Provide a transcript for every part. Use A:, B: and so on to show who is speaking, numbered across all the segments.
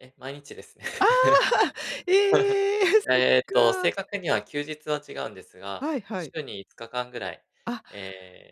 A: え、毎日ですね。
B: ああ。え え。そっ
A: ええと、正
B: か。
A: 確には休日は違うんですが、
B: はいはい。
A: 週に5日間ぐらい、
B: あ。
A: え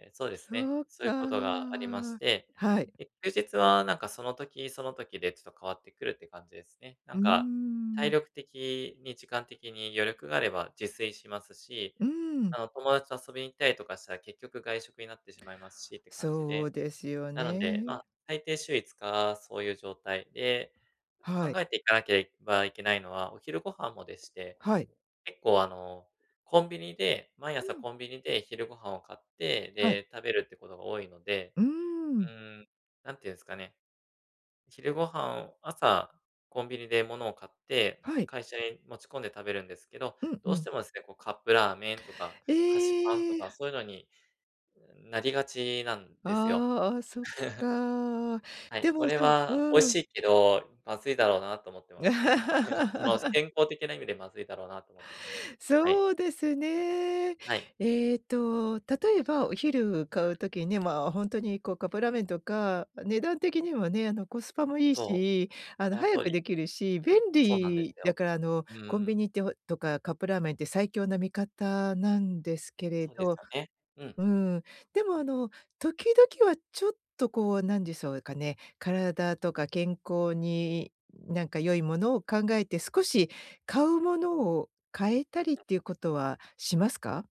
A: え、そうですね、
B: そう
A: そういうこ
B: か。
A: とがありまして。
B: はい。
A: で、休日はなんかその時、その時でちょっと変わってくるって感じですね。な
B: う
A: ん
B: ー
A: か、体
B: ん。
A: 力的に、時間的に余力があれば自炊しますし、
B: うーん。
A: あの友達と遊びに行ったりとかしたら、結局外食になってしまいますしって感じ
B: そう
A: で。
B: ですよ
A: なので、
B: ね。
A: ま、大抵週5日そういう状態で。
B: は
A: 考
B: い。
A: えていかなきゃばいけないのは、お昼ご飯もでして、
B: はい。
A: 結構あの、コンビニで毎
B: う
A: 朝
B: ん。
A: コンビニで昼ご飯を買って、
B: はい。
A: で、食べるってことが多いので。
B: うーん。
A: うーん、何て言うんすかね。昼ご飯を、朝コンビニで物を買って、
B: はい。
A: 会社に持ち込んで食べるんですけど、
B: うん
A: ど
B: う
A: うして
B: ん。
A: もですね、こうカップラーメンとか、菓子パンと
B: え
A: か
B: え。
A: そういうのになりがちなんですよ。
B: ああ。あ、そっ か。
A: はい、
B: で
A: こ
B: も、
A: れ
B: そう
A: は
B: う
A: 美味し
B: ん。
A: いけど、まずいだろうなと思ってますね。はい、その、健康的な意味でまずいだろうなと思ってます。はい。
B: そうですね。
A: はい。
B: ええと、例えば、お昼買
A: は
B: う
A: い。
B: 時ね、まあ、ほんとにこう、カップラーメンとか、値段的にもね、あの、コスパもいい
A: そう。
B: し、あの、
A: その
B: 早
A: 通
B: く
A: り。
B: できるし、便
A: そうなんで
B: 利
A: す
B: だ
A: よ。
B: から、あの、
A: うー
B: コンビ
A: ん。
B: ニって、ほとかカップラーメンって最強な味方なんですけれ
A: そうです
B: ど
A: よね。うん。
B: うーん。でも、あの、時々はちょっとこうなんでそうかね、体とか健康に、なんか良いものを考えて、少し買うものを変えたりっ
A: うん。
B: ていうことはしますか？